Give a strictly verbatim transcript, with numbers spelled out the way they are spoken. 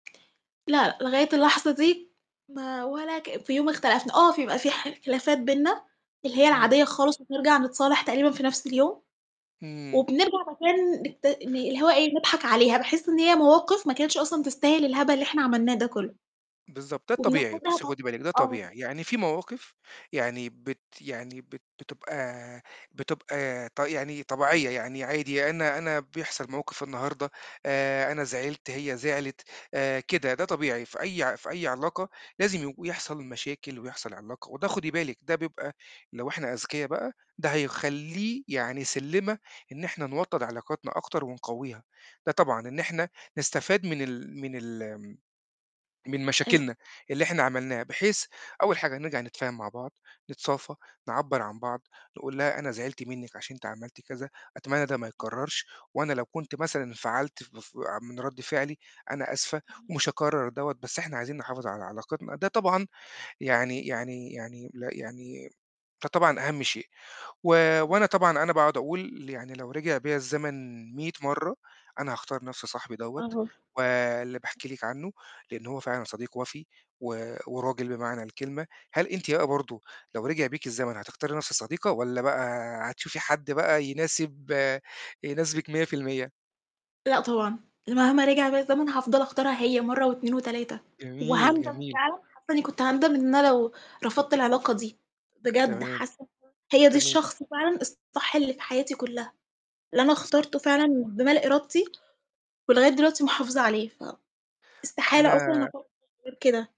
لأ، لغاية اللحظة دي ما ولا كإن في يوم اختلفنا، آه، في بيبقى في ح خلافات بيننا اللي هي إمم. العادية الخالص وبنرجع نتصالح تقريبًا في نَفْس اليوم اهم. وبنرجع بعد كده ن نت ن اللي هو إيه، نضحك عليها، باحس إن هي مواقِف ما كانتش أصلًا تستاهل الهبل اللي إحنا عملناه ده كلّه بالضبط ده الطبيعي، وبناخدها بُصّي فض خدي بالِك ده آه. طبيعي، يعني في مواقِف يعني بت يعني بت بتبقى بتبقى ط يعني طبيعية، يعني عادي أنا أنا بيحصل موقِف النهارده آآ، أنا زعلت، هي زعلت آآ، كده، ده طبيعي في أي ع في أي علاقة لازم يج ويحصل المشاكل ويحصل علاقة وده خُدي بالِك ده بيبقى لو إحنا أذكيا بقى ده هيخلّيه يعني سلّمة إن إحنا نوطّد علاقتنا أكتر ونقوّيها، ده طبعًا إن إحنا نستفاد من ال من الم من أي مشاكلنا اللي إحنا عملناها بحيث أول حاجة نرجع نتفاهم مع بعض، نتصافى، نعبّر عن بعض، تقول لها أنا زعلت منِّك عشان أنتِ عملتِ كذا، أتمنى ده ما يتكرّرش وأنا لو كنت مثلًا انفعلت ف ف آآ من رَد فعلي أنا آسفة ومش هاكرّر دَوّة، بس إحنا عايزين نحافظ على علاقتنا، ده طبعًا يعني يعني يعني ل يعني فطبعًا أهَم شيء و تما وأنا طبعًا أنا باقعُد أقول ل يعني لو رجع بيّا الزمن مِيّة مَرّة أنا هاختار نَفْس صاحبي دَوّة أها. واللي باحكي لِك عنّه، لإن هو فعلًا صديق وَفي و وراجل بمعنى الكلمة، هل أنتِ بقى برضه لو رجع بيكِ الزمن هتختاري نَفْس الصديقة والّا بقى هتشوفي حد بقى يناسب يناسبك مِيّة في المِيّة؟ لأ طبعًا، ال مهما رجع بيّا الزمن هافضل أختارها هي مَرّة واتنين وتلاتة جميل، وهاندم جميل. فعلًا حاسّة إنّي كنت هاندم إن أنا لو رفضت العلاقة دي، بجد تمام. حاسّة إن ده هي دي تمام. الشخص فعلًا الصح اللي في حياتي كلّها، اللي أنا آه، صح. اخترته فعلًا بمال إرادتي ولغاية دلوقتي محافظة عليها فاستحالة أصلًا أنا أفكّرغير كده.